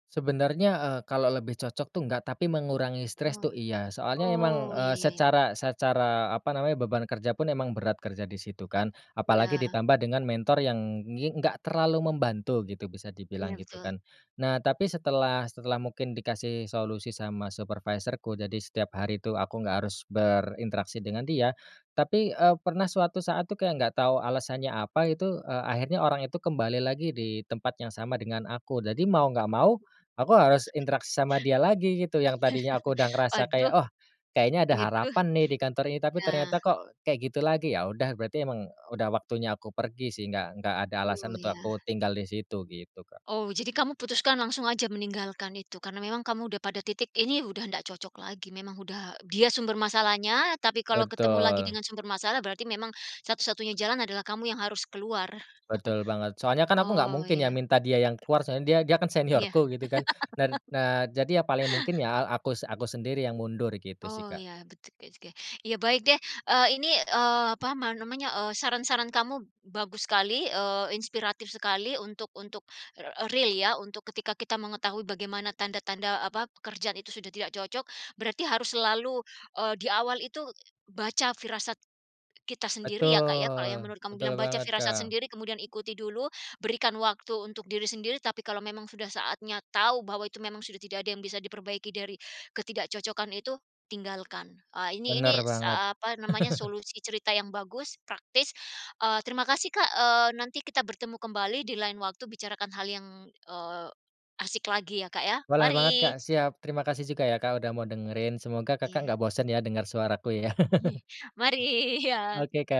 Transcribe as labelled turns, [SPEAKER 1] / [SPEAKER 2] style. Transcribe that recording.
[SPEAKER 1] Sebenarnya, eee, kalau lebih cocok tuh, enggak. Tapi mengurangi stress
[SPEAKER 2] Oh.
[SPEAKER 1] tuh, iya. Soalnya emang,
[SPEAKER 2] Oh, iya
[SPEAKER 1] eee,
[SPEAKER 2] iya iya.
[SPEAKER 1] secara secara, apa namanya, beban kerja pun emang berat kerja di situ, kan. Apalagi
[SPEAKER 2] Iya.
[SPEAKER 1] ditambah dengan mentor yang ngi enggak terlalu membantu gitu, bisa dibilang
[SPEAKER 2] Iya,
[SPEAKER 1] gitu,
[SPEAKER 2] betul.
[SPEAKER 1] kan. Nah, tapi setelah setelah mungkin dikasih solusi sama supervisorku, jadi setiap hari itu aku gak harus berinteraksi dengan dia. Tapi, eee, pernah suatu saat tuh, kayak gak tau alasannya apa itu, eee, akhirnya orangnya itu kembali lagi di tempat yang sama dengan aku. Jadi mau gak mau, aku harus interaksi sama dia lagi, gitu. Yang tadinya aku udah ngerasa kayak,
[SPEAKER 2] Aduh.
[SPEAKER 1] "Oh, kayaknya ada
[SPEAKER 2] Gitu.
[SPEAKER 1] harapan nih, di kantor ini." Tapi
[SPEAKER 2] Iya.
[SPEAKER 1] ternyata kok kayak gitu lagi. Ya udah, berarti emang udah waktunya aku pergi sih. Enggak enggak ada alasan
[SPEAKER 2] Oh,
[SPEAKER 1] untuk
[SPEAKER 2] iya.
[SPEAKER 1] aku tinggal di situ, gitu, Kak.
[SPEAKER 2] Oh, jadi kamu putuskan langsung aja meninggalkan itu karena memang kamu udah pada titik, ini udah nggak cocok lagi, memang udah dia sumber masalahnya, tapi kalau ketemu lagi
[SPEAKER 1] Betul.
[SPEAKER 2] dengan sumber masalah, berarti memang satu-satunya jalan, adalah kamu yang harus keluar.
[SPEAKER 1] Betul banget. Soalnya kan aku nggak
[SPEAKER 2] Oh,
[SPEAKER 1] mungkin ya,
[SPEAKER 2] ya.
[SPEAKER 1] minta dia yang keluar. Soalnya dia dia kan
[SPEAKER 2] Iya.
[SPEAKER 1] seniorku, gitu kan. Dan nah, jadi ya paling mungkin ya al akus aku sendiri yang mundur. Gitu sih,
[SPEAKER 2] Oh,
[SPEAKER 1] Kak.
[SPEAKER 2] ya. Bet oke oke. Iya, baik deh. Eee, ini, eee, apa man namanya, eee, saran-saran kamu bagus sekali, eee, inspiratif sekali untuk untuk, r real ya. Untuk ketika kita mengetahui bagaimana tanda-tanda, eee, apa, pekerjaan itu sudah tidak cocok. Berarti harus selalu, eee, di awal itu baca firasat kita sendiri ya, Kak, ya? Kalau yang
[SPEAKER 1] Betul
[SPEAKER 2] menurut kamu
[SPEAKER 1] betul
[SPEAKER 2] bilang, "Baca
[SPEAKER 1] banget,
[SPEAKER 2] firasat
[SPEAKER 1] Kak.
[SPEAKER 2] sendiri, kemudian ikuti dulu, berikan waktu untuk diri sendiri, tapi kalau memang sudah saatnya tahu bahwa, itu memang sudah tidak ada yang bisa diperbaiki dari ketidakcocokan itu, tinggalkan." Ah, Ini
[SPEAKER 1] Bener
[SPEAKER 2] ini
[SPEAKER 1] banget.
[SPEAKER 2] sa apa namanya, solusi cerita yang bagus, praktis. Eee, terima kasih, Kak, eee, nanti kita bertemu kembali, dilain waktu bicarakan hal yang, eee, asik lagi ya, Kak, ya.
[SPEAKER 1] Boleh banget, Kak.
[SPEAKER 2] Mari.
[SPEAKER 1] Siap. Terima kasih juga ya, Kak, udah mau dengerin. Semoga Kakak
[SPEAKER 2] Iya.
[SPEAKER 1] nggak bosen ya, dengar suaraku ya.
[SPEAKER 2] Iye. Mari. Iya.
[SPEAKER 1] Oke, Kak.